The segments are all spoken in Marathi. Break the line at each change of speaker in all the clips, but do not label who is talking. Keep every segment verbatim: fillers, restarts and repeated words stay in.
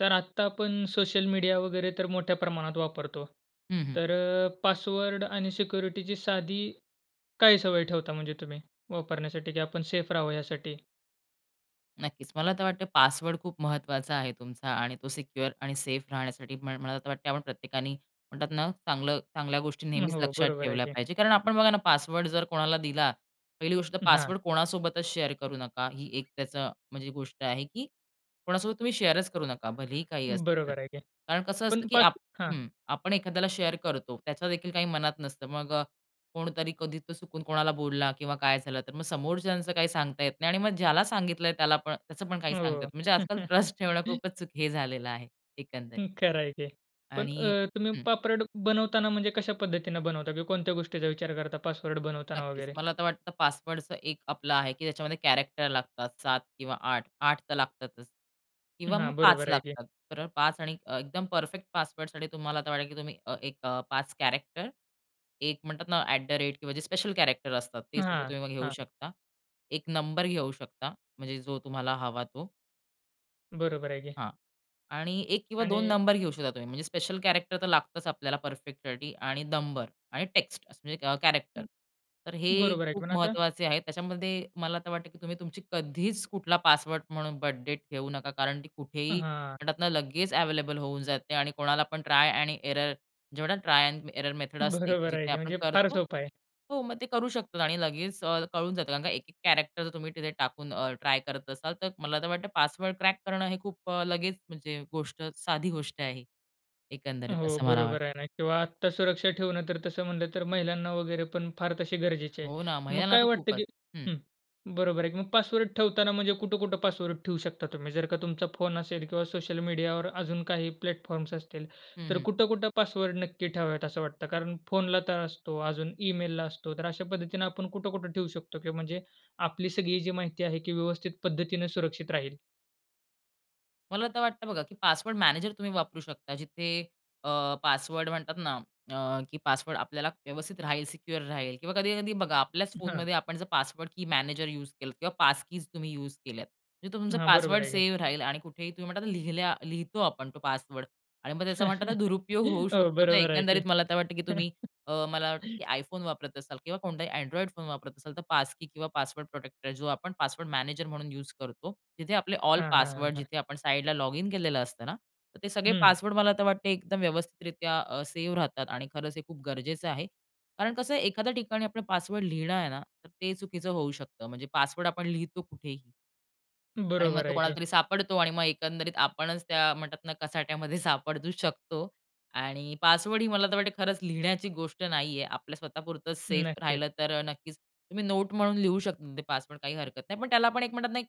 तर आत्ता आपण सोशल मीडिया वगैरे तर मोठ्या प्रमाणात वापरतो.
हं, हं.
तर अ, पासवर्ड आणि सिक्युरिटीची साधी काय सवय ठेवता म्हणजे तुम्ही वापरण्यासाठी की आपण सेफ राहावं यासाठी?
नक्कीच. मला तर वाटते पासवर्ड खूप महत्वाचा आहे तुमचा आणि तो सिक्युअर आणि सेफ राहण्यासाठी म मला तर वाटते आपण प्रत्येकाने म्हणतात ना चांगलं चांगल्या गोष्टी
अ,
नेहमीच
हो,
लक्षात
बरोबर आहे
ठेवल्या
की.
पाहिजे कारण आपण बघा ना पासवर्ड जर कोणाला दिला, पहिली गोष्ट तर
हां.
पासवर्ड कोणासोबतच शेअर करू नका. ही एक त्याचं म्हणजे गोष्ट आहे, की कोणासोबत तुम्ही शेअरच करू नका. भलेही काही असतं तर.
बरोबर आहे की.
कारण कसं असतं,
पण
की
पास
आप
हां.
हं, आपण एखाद्याला शेअर करतो. त्याच्यादेखील काही मनात नसतं. मग अ, कोणतरी कधी तो चुकून कोणाला बोलला किंवा काय झालं तर मग समोरच्याचं काही सांगता येत नाही. आणि मग ज्याला सांगितलंय त्याला पण त्याचं पण काही सांगता
हो.
येत नाही. म्हणजे आजकाल ट्रस्ट ठेवणं खूपच हे झालेलं आहे. एकंदरीत.
खरं आहे की. पण
आणि
अ, तुम्ही
हं.
पापरड बनवताना म्हणजे कशा पद्धतीने बनवता किंवा कोणत्या गोष्टीचा विचार करता पासवर्ड बनवताना
नक्कीच.
वगैरे?
मला तर वाटतं पासवर्डच एक आपला आहे, की त्याच्यामध्ये कॅरेक्टर लागतात सात किंवा आठ. आठ तर लागतातच किंवा मग
हां,
पाच
बरोबर आहे की.
लागतात. तर पाच आणि अ, एकदम परफेक्ट पासवर्डसाठी तुम्हाला वाटेल, की तुम्ही एक अ, पाच कॅरेक्टर, एक म्हणतात ना अट द रेट किंवा जे स्पेशल कॅरेक्टर असतात ते सगळे
हां.
तुम्ही घेऊ
हां.
शकता. एक नंबर घेऊ शकता. म्हणजे जो तुम्हाला हवा तो.
बरोबर आहे की.
हां. आणि एक किंवा दोन
आणि
नंबर घेऊ शकता तुम्ही, म्हणजे स्पेशल कॅरेक्टर तर लागतंच आपल्याला परफेक्टसाठी आणि नंबर आणि टेक्स्ट म्हणजे अ, कॅरेक्टर
हं,
तर हे
बरोबर आहे,
खूप
पण आता
महत्त्वाचे आहेत. त्याच्यामध्ये मला तर वाटतं, की तुम्ही तुमची कधीच कुठला पासवर्ड म्हणून बर्थ डेट ठेऊ नका. कारण ती
अ,
कुठेही,
हां.
म्हणतात ना, लगेच अवेलेबल होऊन जाते आणि कोणाला पण ट्राय आणि एरर जेवढा ट्राय एंड एरर मेथड असते,
बरोबर आहे
जिथे
की
आपण
म्हणजे फार
करतो.
सोपं आहे.
हो, मग ते करू शकतात आणि लगेच अ, कळून जातं कारण का एक एक कॅरेक्टर जर तुम्ही तिथे टाकून, अ, ट्राय करत असाल, तर मला तर वाटतं पासवर्ड क्रॅक करणं हे खूप अ, लगेच म्हणजे गोष्ट, साधी गोष्ट आहे.
अ,
एकंदरीत
हो.
असं मला वाटतं.
बरोबर आहे ना किंवा आत्ता सुरक्षा ठेवणं तर तसं म्हटलं, तर महिलांना वगैरे पण फार तशी गरजेची आहे.
हो ना,
मग
महिलांना
काय
तर
वाटतं,
खूपच.
की
हं.
हं, बरोबर आहे की मग पासवर्ड ठेवताना म्हणजे कुठं-कुठं पासवर्ड ठेवू शकता तुम्ही? जर का तुमचा फोन असेल किंवा सोशल मीडियावर अजून काही प्लॅटफॉर्म्स असतील,
हं,
तर
हं.
कुठं-कुठं पासवर्ड नक्की ठेवावेत, असं वाटतं? कारण फोनला तर असतो. अजून ईमेलला असतो. तर अशा पद्धतीने आपण कुठं-कुठं ठेवू शकतो किंवा म्हणजे, आपली सगळी जी माहिती आहे की व्यवस्थित पद्धतीने सुरक्षित राहील?
मला तर वाटतं बघा की पासवर्ड मॅनेजर तुम्ही वापरू शकता जिथे अ, पासवर्ड म्हणतात ना अ, की पासवर्ड आपल्याला व्यवस्थित राहील, सिक्युअर राहील किंवा कधी-कधी बघा आपल्याच
हां.
फोनमध्ये आपण जर पासवर्ड की मॅनेजर युज केलं किंवा पास कीज तुम्ही युज केल्यात. तिथं तुमचा
हां. बरोबर
पासवर्ड
आहे की.
सेव्ह राहील आणि कुठेही तुम्ही म्हणता लिहिल्या लिहितो आपण तो पासवर्ड आणि मग त्याचा म्हणतात दुरुपयोग होऊ
हो.
शकतो. तर
बरोबर आहे
एकंदरीत
की.
मला तर वाटतं की तुम्ही अ, मला वाटतं, की आयफोन वापरत असाल किंवा कोणताही अँड्रॉइड फोन वापरत असाल, तर पास की किंवा पासवर्ड प्रोटेक्टर आहे जो आपण पासवर्ड मॅनेजर म्हणून युज करतो. तिथे आपले ऑल
हां, हां. हां,
पासवर्ड
हां.
जिथे आपण साईडला लॉगिन केलेलं असतं ना, तर ते सगळे
हं.
पासवर्ड मला तर वाटतं एकदम व्यवस्थितरीत्या अ, सेव्ह राहतात. आणि खरंच हे खूप गरजेचं आहे कारण कसं आहे एखाद्या ठिकाणी आपला पासवर्ड लिहिणं आहे ना तर ते चुकीचं होऊ शकतं. म्हणजे पासवर्ड आपण लिहितो कुठेही. आणि मग
बरोबर
तो
आहे
कोणाला
की.
तरी सापडतो आणि मग एकंदरीत आपणच त्या म्हणतात ना, कचाट्यामध्ये सापडू शकतो. आणि पासवर्डही मला तर वाटतं खरंच लिहिण्याची गोष्ट नाहीये. आपल्या स्वतःपुरतं सेफ
नक्कीच.
राहिलं तर नक्कीच. तुम्ही नोट म्हणून लिहू शकता ते पासवर्ड काही हरकत नाही. पण त्याला आपण एक म्हणतात ना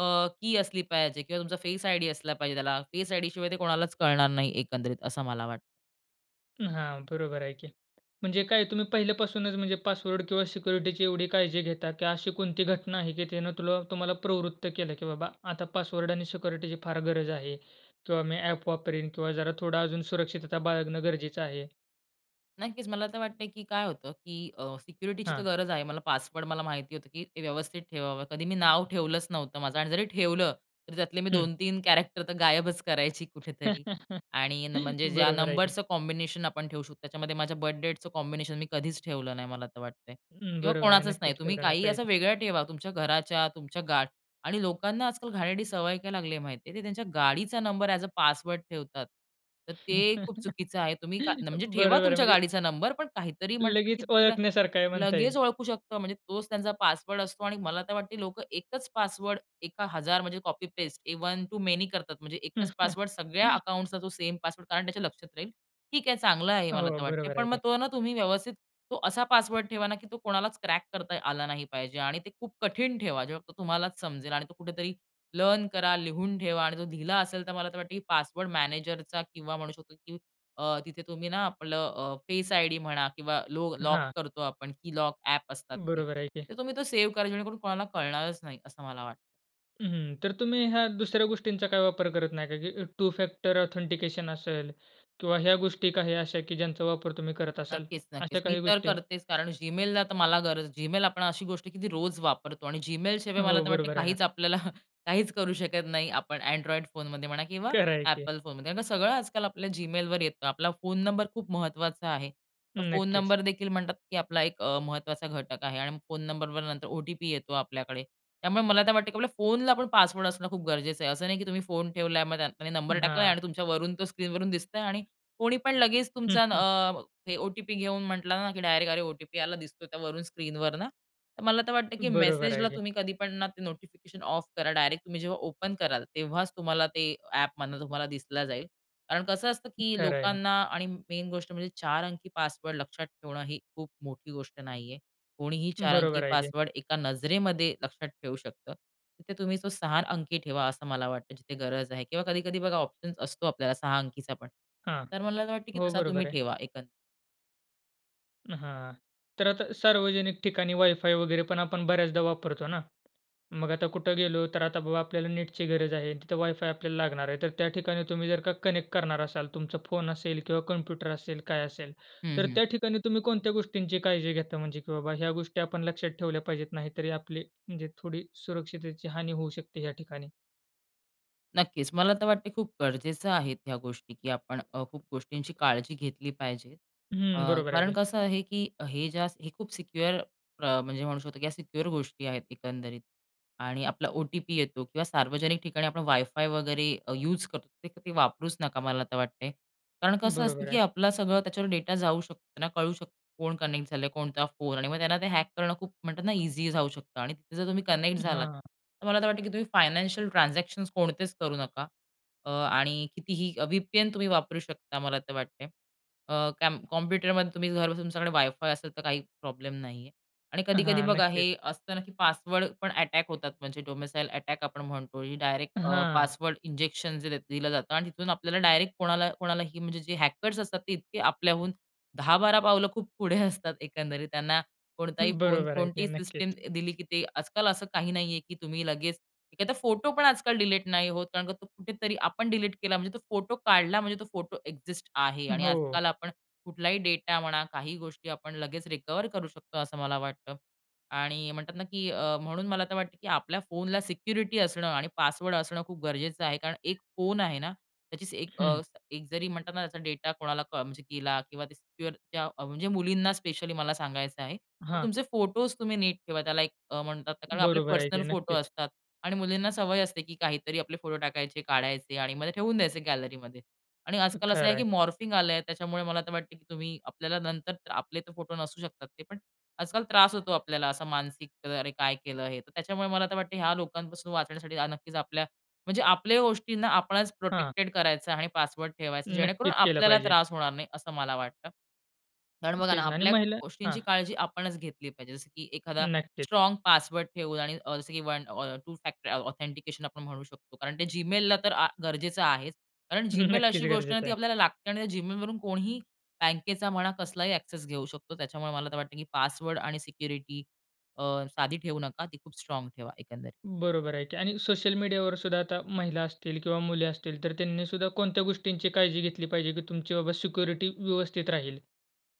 अ, की असली पाहिजे किंवा तुमचा फेस आयडी असला पाहिजे, त्याला फेस आयडी शिवाय ते कोणालाच कळणार नाही, एकंदरीत असं मला वाटतं.
अ, हां बरोबर आहे की. म्हणजे काय तुम्ही पहिल्यापासूनच म्हणजे पासवर्ड किंवा सिक्युरिटीची एवढी काळजी घेता की अशी कोणती घटना आहे की त्यांनी तुला तुम्हाला प्रवृत्त केलं की बाबा आता पासवर्ड आणि सिक्युरिटीची फार गरज आहे किंवा मी ॲप वापरीन किंवा जरा थोडा अजून सुरक्षितता बाळगणं गरजेचं आहे.
नक्कीच, मला तर वाटतंय की काय होतं की अ, सिक्युरिटीची तर
हां.
गरज आहे. मला पासवर्ड मला माहिती होतं की ते व्य व्यवस्थित ठेवावं. कधी मी नाव ठेवलंच नव्हतं माझं आणि जरी ठेवलं, तर त्यातले मी
हं.
दोन तीन कॅरेक्टर तर गायबच करायची कुठेतरी. आणि न म्हणजे ज्या
बरोबर आहे की.
नंबरच कॉम्बिनेशन आपण ठेवू शकतो. त्याच्यामध्ये माझ्या बर्थडेटच कॉम्बिनेशन मी कधीच ठेवलं नाही मला तर वाटतंय.
हं,
किंवा
बरोबर आहे.
कोणाचंच नाही.
नक्कीच,
तुम्ही
तेवढं नाही
काही असं
पाहिजे.
वेगळं ठेवा तुमच्या घराच्या, तुमच्या गाड आणि लोकांना आजकाल घाणेरडी सवय काय लागली आहे माहिती आहे? ते त्यांच्या गाडीचा नंबर ॲज अ पासवर्ड ठेवतात. तर ते खूप चुकीचं आहे. तुम्ही का म्हणजे ठेवा
बरोबर आहे,
तुमच्या
म्हणजे
गाडीचा नंबर पण काहीतरी म्हणतात की
लगेच
त्याला
ओळखण्यासारखं आहे म्हणता येईल.
लगेच ओळखू शकतो. म्हणजे तोच त्यांचा पासवर्ड असतो आणि मला तर वाटते लोकं एकच पासवर्ड एका हजार म्हणजे copy paste one to many करतात. म्हणजे एकच पासवर्ड सगळ्या अकाउंट्सचा तो सेम पासवर्ड कारण त्याच्या लक्षात राहील. ठीक आहे चांगलं आहे हे, मला
हो,
तर वाटते.
बरोबर आहे
पण मग
की.
तो ना तुम्ही व्यवस्थित तो असा पासवर्ड ठेवा ना की तो कोणालाच क्रॅक करता आला नाही पाहिजे. आणि ते खूप कठीण ठेवा. जेव्हा तो तुम्हालाच समजेल आणि तो कुठेतरी लर्न करा लिहून ठेवा आणि तो दिला असेल तर मला तर वाटत की पासवर्ड मॅनेजरचा किंवा म्हणू शकतो की अ, तिथे तुम्ही ना आपलं अ, फेस आयडी म्हणा किंवा लो लॉक
हां.
करतो आपण की लॉक ॲप असतात की
बरोबर आहे की.
तर तुम्ही तो सेव्ह करा. जेणेकरून कोणाला कळणारच नाही असं मला वाटतं.
हं, हं. तर तुम्ही ह्या दुसऱ्या गोष्टींचा काही वापर करत नाही का? की टू फॅक्टर ऑथेंटिकेशन असेल किंवा ह्या गोष्टी काही अशा, की ज्यांचा वापर तुम्ही करत असाल
नक्कीच,
अशा
नक्कीच. मी
काही
तर
गोष्टी?
करतेच. कारण Gmailला तर मला गरज, Gmail आपण अशी गोष्ट आहे, की ती रोज वापरतो आणि Gmail शिवाय मला
हो.
तर वाटतं
बरोबर आहे ना.
काहीच आपल्याला काहीच करू शकत नाही आपण अँड्रॉइड फोनमध्ये म्हणा किंवा
खरं आहे की.
Apple फोनमध्ये. कारण सगळं आजकाल आपल्या Gmailवर येतं. आपला फोन नंबर खूप महत्त्वाचा आहे. फोन
नक्कीच.
नंबर देखील म्हणतात, की आपला एक अ, महत्त्वाचा घटक आहे आणि फोन नंबरवर नंतर ओ-टी-पी येतो आपल्याकडे. त्यामुळे मला तर वाटतं, की आपल्या फोनला आपण पासवर्ड असणं खूप गरजेचं आहे. असं नाही, की तुम्ही फोन ठेवलाय आणि मग त्यात नंबर
हं,
टाकलाय
हां.
आणि तुमच्यावरून तो स्क्रीनवरून दिसतंय आणि कोणी पण लगेच
हं,
तुमचा
हं.
अ, ते ओ-टी-पी घेऊन म्हटलं ना, की डायरेक्ट अरे, ओ-टी-पी आला दिसतो त्यावरून स्क्रीनवर ना. तर मला तर वाटतं, की
बरोबर आहे
मेसेजला
की.
तुम्ही कधी पण ना ते नोटिफिकेशन ऑफ करा. डायरेक्ट तुम्ही जेव्हा ओपन कराल तेव्हाच तुम्हाला ते ॲपमधनं तुम्हाला दिसलं जाईल. कारण कसं असतं, की
खरं आहे ना.
लोकांना आणि मेन गोष्ट म्हणजे चार अंकी पासवर्ड लक्षात ठेवणं ही खूप मोठी गोष्ट नाहीये. कोणीही चार अंकी
बरोबर आहे की.
पासवर्ड एका नजरेमध्ये लक्षात ठेवू शकतं. तिथे तुम्ही तो सहा अंकी ठेवा असं मला वाटतं जिथे गरज आहे किंवा कधी-कधी बघा ऑप्शन्स असतो आपल्याला सहा अंकीचा पण.
हां.
तर मला असं वाटतं, की
हो.
तसा
बरोबर
तुम्ही
आहे.
ठेवा एकं
हां, तर आता सार्वजनिक ठिकाणी वायफाय वगैरे पण आपण बऱ्याचदा वापरतो ना. मग आता कुठं गेलो तर आता बाबा आपल्याला नेटची गरज आहे. तिथं वायफाय आपल्याला लागणार आहे. तर त्या ठिकाणी तुम्ही जर का कनेक्ट करणार असाल, तुमचा फोन असेल किंवा कॉम्प्युटर असेल काय असेल,
हं,
तर
हं.
त्या ठिकाणी तुम्ही कोणत्या गोष्टींची काळजी घेता? म्हणजे की बाबा ह्या गोष्टी आपण लक्षात ठेवल्या पाहिजेत, नाही तरी आपली म्हणजे थोडी सुरक्षितेची हानी होऊ शकते या ठिकाणी?
नक्कीच. मला तर वाटतंय खूप गरजेचं आहेत ह्या गोष्टी, की आपण अ, खूप गोष्टींची काळजी घेतली पाहिजे. अ,
हं, बरोबर आहे
कारण
की.
कसं आहे की हे ज्या, हे खूप सिक्युअर अ, म्हणजे म्हणू शकतो की या सिक्युअर गोष्टी आहेत एकंदरीत आणि आपला ओ-टी-पी येतो किंवा सार्वजनिक ठिकाणी आपण वायफाय वगैरे अ, युज करतो ते, ते तुम्ही वापरूच नका, मला तर वाटतंय. कारण कसं असतं
बरोबर
की
आहे.
आपला सगळं त्याच्यावर डेटा जाऊ शकतो, त्यांना कळू शकतं, कोण कनेक्ट झालंय, कोणता फोन आणि मग त्यांना ते हॅक करणं खूप म्हणतात ना इझी जाऊ शकतं आणि तिथे जर तुम्ही कनेक्ट झालात.
हां.
तर मला तर वाटतं, की तुम्ही फायनान्शियल ट्रान्झॅक्शन्स कोणतेच करू नका. अ, आणि कितीही व्हीपीएन तुम्ही वापरू शकता मला तर वाटतं. अ, कॅम कॉम्प्युटरमध्ये तुम्ही घरबसून तुमच्याकडे वायफाय असेल, तर काही प्रॉब्लेम नाहीये. आणि कधी-कधी
हां,
बघा
नक्कीच.
हे असतं ना, की पासवर्ड पण अटॅक होतात, म्हणजे डोमिसाईल अटॅक आपण म्हणतो डायरेक्ट अ,
हां.
पासवर्ड इंजेक्शन जे दि दिलं जातं आणि तिथून आपल्याला डायरेक्ट कोणाला, कोणालाही म्हणजे जे हॅकर्स असतात, ते इतके आपल्याहून दहा बारा पावलं खूप पुढे असतात एकंदरीत, त्यांना कोणताही फोन,
बरोबर आहे की
कोणतीही सिस्टम
नक्कीच.
दिली की ते, आजकाल असं काही नाहीये की तुम्ही लगेच, एखादा फोटो पण आजकाल डिलीट नाही होत. कारण तो कुठेतरी आपण डिलीट केला म्हणजे, तो फोटो काढला म्हणजे तो फोटो एक्झिस्ट आहे. आणि
हो.
आजकाल आपण कुठलाही डेटा म्हणा, काही गोष्टी आपण लगेच रिकव्हर करू शकतो असं मला वाटतं. आणि म्हणतात ना की अ, म्हणून मला तर वाटतं की आपल्या फोनला सिक्युरिटी असणं आणि पासवर्ड असणं खूप गरजेचं आहे. कारण एक फोन आहे ना त्याची एक,
हं.
अ, एक जरी म्हणतात ना त्याचा डेटा कोणाला कॉन म्हणजे गेला किंवा सिक्युअर त्या म्हणजे मुलींना स्पेशली मला सांगायचं आहे. की
हां.
तुमचे फोटोज तुम्ही नीट ठेवा, त्याला एक म्हणतात ना कारण आपले
बरोबर आहे की
पर्सनल फोटो
नक्कीच.
असतात आणि मुलींना सवय असते की काहीतरी आपले फोटो टाकायचे, काढायचे आणि मग ते ठेवून द्यायचे गॅलरीमध्ये. आणि आजकाल असं
खरं
आहे की
आहे.
मॉर्फिंग आलंय त्याच्यामुळे मला तर वाटतं, की तुम्ही आपल्याला नंतर, आपले तर फोटो नसू शकतात ते. पण आजकाल त्रास होतो आपल्याला असं मानसिक अरे, काय केलं हे. तर त्याच्यामुळे मला तर वाटतं ह्या लोकांपासून वाचण्यासाठी आ, नक्कीच आपल्या, म्हणजे आपल्या गोष्टींना आपणच
हां.
प्रोटेक्टेड करायचं आणि पासवर्ड ठेवायचं, जेणेकरून
नक्कीच, केलं
आपल्याला
पाहिजे.
त्रास होणार नाही असं मला वाटतं. कारण बघा ना
तेच ना आणि
आपल्या
महिला हां
गोष्टींची काळजी आपणच घेतली पाहिजे. जसं की एखादा
नक्कीच.
स्ट्राँग पासवर्ड ठेवून आणि अ, जसं की अ, वन टू फॅक्टर ऑ ऑथेंटिकेशन आपण म्हणू शकतो. कारण ते Gmailला तर आ, गरजेचं आहेच. कारण Gmail
नक्कीच
अशी गोष्ट आहे ना,
गरजेचं
ती
आहे.
आपल्याला लागते आणि त्या Gmailवरून कोणीही बँकेचा म्हणा, कसलाही ॲक्सेस घेऊ शकतो. त्याच्यामुळे मला तर वाटतं की पासवर्ड आणि सिक्युरिटी अ, साधी ठेवू नका. ती खूप स्ट्राँग ठेवा एकंदरीत.
बरोबर आहे की. आणि सोशल मीडियावर सुद्धा आता महिला असतील किंवा मुली असतील, तर त्यांनी सुद्धा कोणत्या गोष्टींची काळजी घेतली पाहिजे? की तुमची बाबा सिक्युरिटी व्यवस्थित राहील,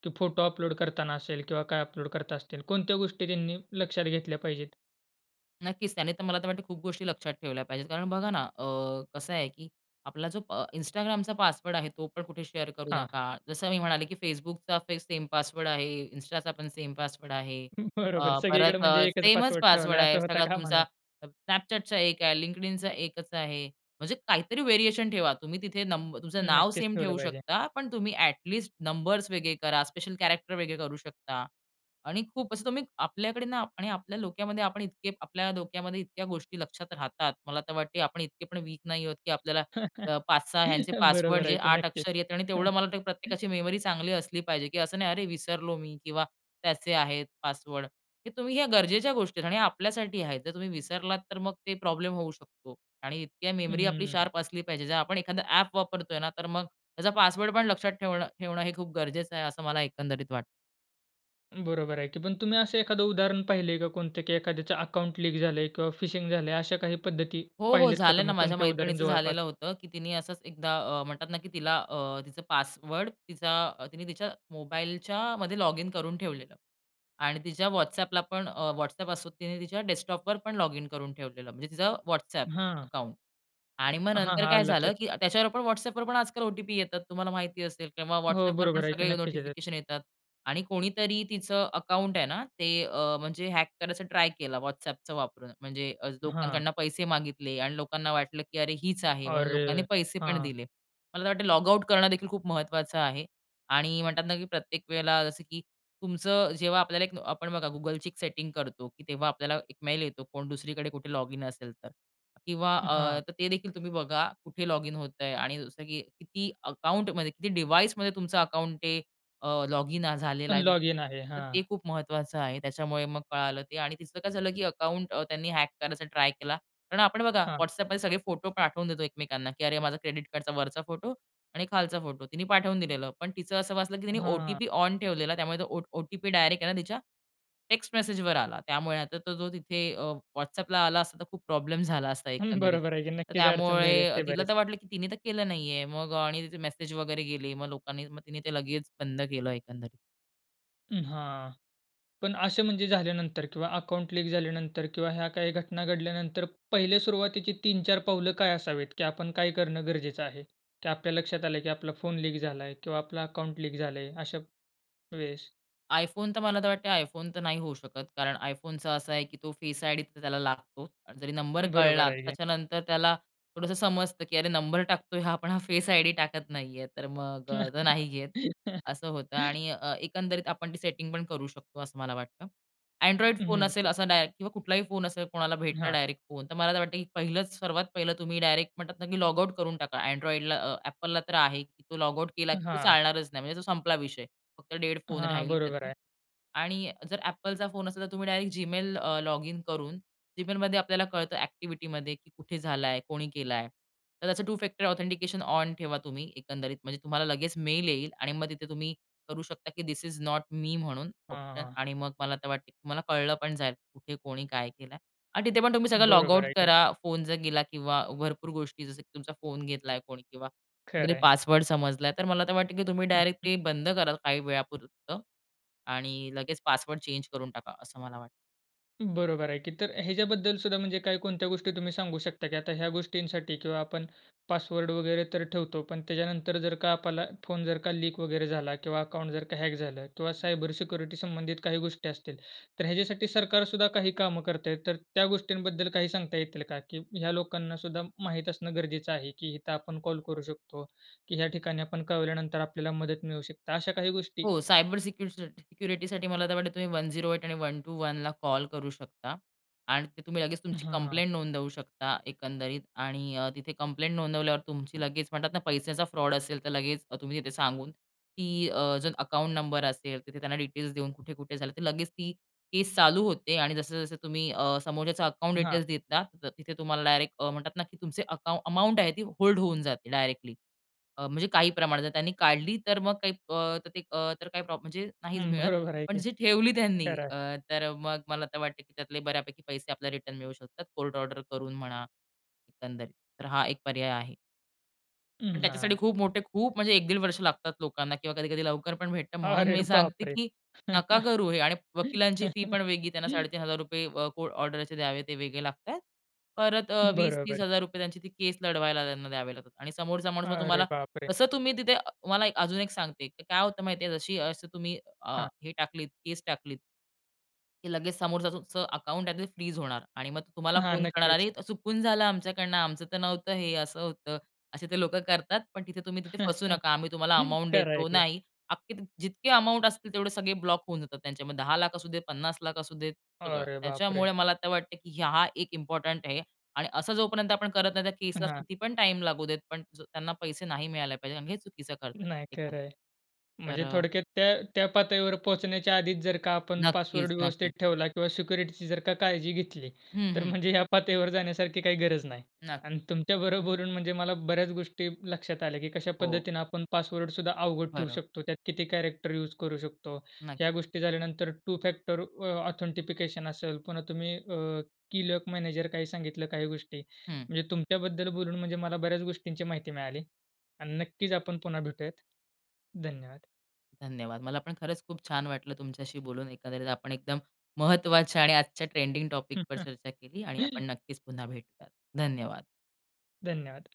की फोटो अपलोड करताना असेल किंवा काय अपलोड करता असतील कोणत्या गोष्टी त्यांनी लक्षात घेतल्या पाहिजेत?
नक्कीच, त्याने तर मला तर वाटतं खूप गोष्टी लक्षात ठेवल्या पाहिजेत. कारण बघा ना अ, कसं आहे की आपला जो अ Instagramचा पासवर्ड आहे तो पण कुठे शेअर करू
हां.
नका. जसं मी म्हणाले, की Facebookचा सेम पासवर्ड आहे, Instaचा पण सेम पासवर्ड आहे,
हं, बरोबर
अ,
सगळीकडे
परत अ,
म्हणजे एकच
सेमच
पासवर्ड
पासवर्ड
ठेवला
आहे.
असं होता
सगळा
कामा
तुमचा
नये.
Snapchatचा एक आहे, LinkedInचा एकच आहे. म्हणजे काहीतरी व्हेरिएशन ठेवा. तुम्ही तिथे नंबर तुमचं नाव
नक्कीच,
सेम
ठेवलं
ठेवू
पाहिजे.
शकता. पण तुम्ही ॲटलीस्ट नंबर्स वेगळे करा, स्पेशल कॅरेक्टर वेगळे करू शकता. आणि खूप असं तुम्ही आपल्याकडे ना आणि आपल्या डोक्यामध्ये आपण आपल्या डोक्यामध्ये इतक्या गोष्टी लक्षात राहतात. मला तर वाटतं आपण इतके पण वीक नाही आहोत की आपल्याला अ, पाच सहा ह्यांचे पासवर्ड
बरोबर आहे
जे
की
आठ
नक्कीच.
अक्षर आहेत आणि
हां.
तेवढं मला वाटतं, की प्रत्येकाची मेमरी चांगली असली पाहिजे की असं नाही, अरे विसरलो मी किंवा त्याचे आहेत पासवर्ड. हे तुम्ही, ह्या गरजेच्या गोष्टी आहेत आणि हे आपल्यासाठी आहेत. जर तुम्ही विसरलात तर मग ते प्रॉब्लेम होऊ शकतो. आणि इतकी
हं,
मेमरी
हं,
आपली
हं.
शार्प असली पाहिजे. जर आपण एखादा ॲप वापरतोय ना तर मग त्याचा पासवर्ड पण लक्षात ठेवणं ठेवणं हे खूप गरजेचं आहे, असं मला एकंदरीत वाटतं.
बरोबर आहे ते. पण तुम्ही असं एखादं उदाहरण पाहिल आहे का, कोणत्या एखाद्याच अकाउंट लीक झालं आहे? किंवा फिशिंग झालंय अशा काही पद्धती
हो, हो.
पाहिल्यात का,
झालं ना,
तुम्ही
माझ्या
तुमच्या उदाहरण
मैत्रिणीचं
जवळपास?
झालेलं होतं, की तिने असंच एकदा अ, म्हणतात ना, की तिला अ, तिचं पासवर्ड तिचा तिने तिच्या मोबाईलच्या मध्ये लॉगिन करून ठेवलेलं. आणि तिच्या WhatsAppला पण, अ, WhatsApp असो तिने तिच्या डेस्कटॉपवर पण लॉगिन करून ठेवलेलं, म्हणजे तिचं WhatsApp
हां.
अकाउंट. आणि मग
हां,
नंतर
हां,
काय
आलं लक्षात.
झालं, की त्याच्यावर पण WhatsAppवर पण आजकाल ओ-टी-पी येतात. तुम्हाला माहिती असेल किंवा
हो,
WhatsAppवर पण
बरोबर आहे की
सगळे
नक्कीच येतात.
नोटिफिकेशन येतात. आणि कोणीतरी तिचं अकाउंट आहे ना ते अ, म्हणजे हॅक करायचं ट्राय केलं WhatsAppचा वापरून, म्हणजे अ,
हां.
लोकांकडून पैसे मागितले आणि लोकांना वाटलं, की अरे हीच आहे म्हणून लोकांनी
अरे!
पैसे पण
हां.
दिले. मला तर वाटतं लॉगआउट करणं देखील खूप महत्त्वाचं आहे. आणि म्हणतात ना, की प्रत्येक वेळेला जसं की तुमचं जेव्हा आपल्याला एक आपण बघा Googleची एक सेटिंग करतो. तेव्हा आपल्याला एक मेल येतो कोण दुसरीकडे कुठे लॉगिन असेल तर किंवा
हां.
अ, तर ते देखील तुम्ही बघा कुठे लॉगिन होत आहे आणि जसं की किती अकाउंटमध्ये किती डिव्हाइसमध्ये तुमचं अकाउंट ते अ, लॉगिन झालेलं आहे.
लॉगिन आहे,
तर
हां.
ते खूप महत्त्वाचं आहे. त्याच्यामुळे मग कळालं ते आणि तिचं काय झालं, की अकाउंट त्यांनी हॅक करायचा ट्राय केला. कारण आपण बघा
हां.
WhatsAppमध्ये सगळे फोटो पाठवून देतो एकमेकांना, की अरे माझ्या क्रेडिट कार्डचा वरचा फोटो आणि खालचा फोटो तिने पाठवून दिलेलं. पण तिचं असं वाचलं, की तिने
हां.
ओ-टी-पी ऑन ठेवलेला. त्यामुळे तो ओ ओ ओ-टी-पी डायरेक्ट आहे ना तिच्या टेक्स्ट मेसेजवर आला. त्यामुळे आता तो जो तिथे अ, WhatsAppला आला असता तर खूप प्रॉब्लेम झाला असता
हं,
एकंदरीत.
बरोबर आहे की
तर
नक्कीच अडचण झाली
त्यामुळे
असते
तिला
बरेच.
तर वाटलं, की तिने तर केलं नाही आहे. मग अ, आणि तिचे मेसेज वगैरे गेले, मग लोकांनी मग तिने ते लगेच बंद केलं एकंदरीत.
उम्म, हां. पण असे म्हणजे झाल्यानंतर किंवा अकाउंट लीक झाल्यानंतर किंवा ह्या काही घटना घडल्यानंतर, पहिल्या सुरुवातीची तीन चार पावलं काय असावीत, की आपण काय करणं गरजेचं आहे? की आपल्या लक्षात आलं की आपला फोन लीक झालाय किंवा आपलं अकाउंट लीक झालंय अशा वेळेस?
iPhone तर मला तर वाटतं आहे, iPhone तर नाही होऊ शकत. कारण iPhoneचं असं आहे की तो फेस आयडी तर त्याला लागतो आणि जरी नंबर
बरोबर
कळला
आहे की.
त्याच्यानंतर त्याला थोडंसं समजतं की अरे नंबर टाकतोय हा पण हा फेस आयडी टाकत नाही आहे, तर मग अ, तो नाही घेत. असं होतं आणि अ, एकंदरीत आपण ती सेटिंग पण करू शकतो असं मला वाटतं. Android
हं,
फोन
हं,
असेल
[unintelligible]
असा डायरेक्ट किंवा कुठलाही फोन असेल कोणाला भेटला
हां.
डायरेक्ट फोन, तर मला असं वाटतं की पहिलंच, सर्वात पहिलं तुम्ही डायरेक्ट म्हणतात ना की लॉगआउट करून टाका. Android अ, Appleला तर आहे की तो लॉगआउट केला
अ,
की तो
हां.
चालणारच नाही. म्हणजे तो संपला विषय. फक्त डेड फोन
हां,
राहील
बरोबर
त्याचा
आहे.
आणि अ, जर Appleचा फोन असेल तर तुम्ही डायरेक्ट जीमेल अ, लॉगिन करून जीमेलमध्ये आपल्याला कळतं ॲक्टिव्हिटीमध्ये की कुठे झालाय? कोणी केलाय? तर त्याचं टू फॅक्टर ऑथेंटिकेशन ऑन ठेवा तुम्ही एकंदरीत, म्हणजे तुम्हाला लगेच मेल येईल आणि मग तिथे तुम्ही करू शकता की धिस इस नोट मी म्हणून
हां,
ऑप्शन
हां.
आणि मग मला वाटतं की तुम्हाला कळलं पण जाईल, कुठे कोणी काय केलं आहे आणि तिथे पण तुम्ही सगळं
बरोबर
लॉगआउट
आहे की.
करा. फोन जर गेला किंवा भरपूर गोष्टी, जसं की तुमचा फोन घेतलाय कोणी किंवा कुठतरी
खरं आहे.
पासवर्ड समजला आहे, तर मला तर वाटतं की तुम्ही डायरेक्ट ते बंद कराल काही वेळापुरतं आणि लगेच पासवर्ड चेंज करून टाका. असं मला वाटतं.
बरोबर आहे की. तर ह्याच्याबद्दलसुद्धा म्हणजे काय कोणत्या गोष्टी तुम्ही सांगू शकता, की आता ह्या गोष्टींसाठी किंवा आपण पासवर्ड वगैरे तर ठेवतो. पण त्याच्यानंतर जर का आपल्याला फोन जर का लीक वगैरे झाला किंवा अकाउंट जर का हॅक झालं किंवा
हं.
सायबर सिक्युरिटी संबंधित काही गोष्टी असतील. तर ह्याच्यासाठी सरकारसुद्धा काही कामं करता आहे. तर त्या गोष्टींबद्दल काही सांगता येतील का? की ह्या लोकांना सुद्धा माहित असणं गरजेचं आहे. की इथं आपण कॉल करू शकतो. की ह्या ठिकाणी आपण कळवल्यानंतर आपल्याला मदत मिळू शकते. अशा काही गोष्टी.
हो. सायबर सिक्युरिटीसा सिक्युरिटीसाठी मला तर वाटलं तुम्ही वन झिरो ऐट आणि वन टु वन ला कॉल करू शकता. आणि ते तुम्ही लगेच तुमची
हां.
कंप्लेंट नोंदवू शकता एकंदरीत. आणि अ, तिथे कंप्लेंट नोंदवल्यावर तुमची लगेच म्हणतात ना, पैशाचा फ्रॉड असेल तर लगेच तुम्ही तिथे सांगून, की अ, जर अकाउंट नंबर असेल, तिथे त्यांना डिटेल्स देऊन कुठे कुठे झालं तर लगेच ती केस चालू होते. आणि जसं, जसं तुम्ही अ, समोरच्याच अकाउंट
हां.
डिटेल्स देता, तर तिथे तुम्हाला डायरेक्ट अ, म्हणतात ना, की तुमचे अकाउं अमाउंट आहे ती होल्ड होऊन जाते डायरेक्टली. अ, म्हणजे काही प्रमाणात. जर त्यांनी काढली तर मग काही अ, अ, तर काही प्रॉब्लेम म्हणजे नाहीच
हम्म,
मिळत.
बरोबर आहे
पण
की.
जशी ठेवली त्यांनी
खरं आहे.
अ, तर मग मला आता वाटतं, की त्यातले बऱ्यापैकी पैसे आपल्याला रिटर्न मिळू शकतात. कोर्ट ऑर्डर करून म्हणा. एकंदरीत. तर हा एक पर्याय आहे. पण
अं,
त्याच्यासाठी
हां.
खूप मोठे खूप म्हणजे एक दीड वर्ष लागतात लोकांना किंवा कधी-कधी लवकर पण भेटतं म्हणून
अरे
मी सांगते,
बापरे!
की नका करू हे. आणि वकिलांची फी पण वेगळी. त्यांना साडे तीन हजार रुपये अ, कोर्ट ऑर्डरचे द्यावे ते वेगळे लागतात. परत अ, वीस
बरोबर.
तीस हजार रुपये त्यांची ती केस लढवायला त्यांना द्यावे लागतात. आणि समोरचा माणूस मग
अरे
तुम्हाला
बापरे!
तसं तुम्ही तिथे अ तुम्हाला अजून एक सांगते. की काय होतं माहिती आहे? जशी अशी तुम्ही अ,
हां.
हे टाकलीत केस टाकलीत की लगेचं समोरचं तुमचं अकाउंट आहे ते फ्रीज होणार आणि मग ते तुम्हाला
हां.
फोन करणार,
नक्कीचं.
"अरे, त चुकून झालं आमच्याकडनं आमचं तर नव्हतं. हे असं होतं." असे ते लोकं करतात. पण तिथे तुम्ही तिथे फसू नका. आम्ही तुम्हाला अमाउंट
खरं आहे
देतो
की.
नाही. अख्खे ती जितके अमाउंट असतील तेवढे सगळे ब्लॉक होऊन जातात त्यांचे मग दहा लाख असू दे, पन्नास लाख असू देत, सगळं.
अरे बापरे!
त्याच्यामुळे मला आता वाटतं की ही हा एक इम्पोर्टंट आहे. आणि असं जोपर्यंत आपण करत नाही त्या केसला
हां.
किती पण टाईम लागू देत, पण जर त्यांना पैसे नाही मिळाले पाहिजे कारण हे चुकीचं करतात
नाही खरं
एखादा.
आहे. म्हणजे
तर
थोडक्यात त्या त्या पातळीवर पोहोचण्याच्या आधीच जर का आपण
नक्कीच.
पासवर्ड व्यवस्थित
नक्कीच.
ठेवला किंवा सिक्युरिटीची जर का काळजी घेतली,
हं,
तर
हं.
म्हणजे या पातळीवर जाण्यासारखी काही गरज नाही.
नक्
अन् तुमच्या बरोबर बोलून म्हणजे मला बऱ्याचं गोष्टी लक्षात आल्या की कशा
हो.
पद्धतीने आपण पासवर्डसुद्धा अवघड ठेवू
बरोबर.
शकतो. त्यात किती कॅरेक्टर यूज करू शकतो.
नक्
ह्या गोष्टी झाल्यानंतर टू फॅक्टर अ, ऑथेन्टिफिकशन असेल, पुन्हा तुम्ही अ, की लॉक मॅनेजर काही सांगितलं काही गोष्टी.
हं.
म्हणजे तुमच्याबद्दल बोलून म्हणजे मला बऱ्याचं गोष्टींची माहिती मिळाली. आणि नक्कीचं आपण पुन्हा भेटूयात. धन्यवाद.
धन्यवाद. मला पण खरचं खूप छान वाटलं तुमच्याशी बोलून. एकंदरीत आपण एकदम महत्त्वाच्या आणि आजच्या ट्रेंडिंग टॉपिकवर चर्चा केली आणि आपण नक्कीचं पुन्हा भेटूयात. धन्यवाद.
धन्यवाद.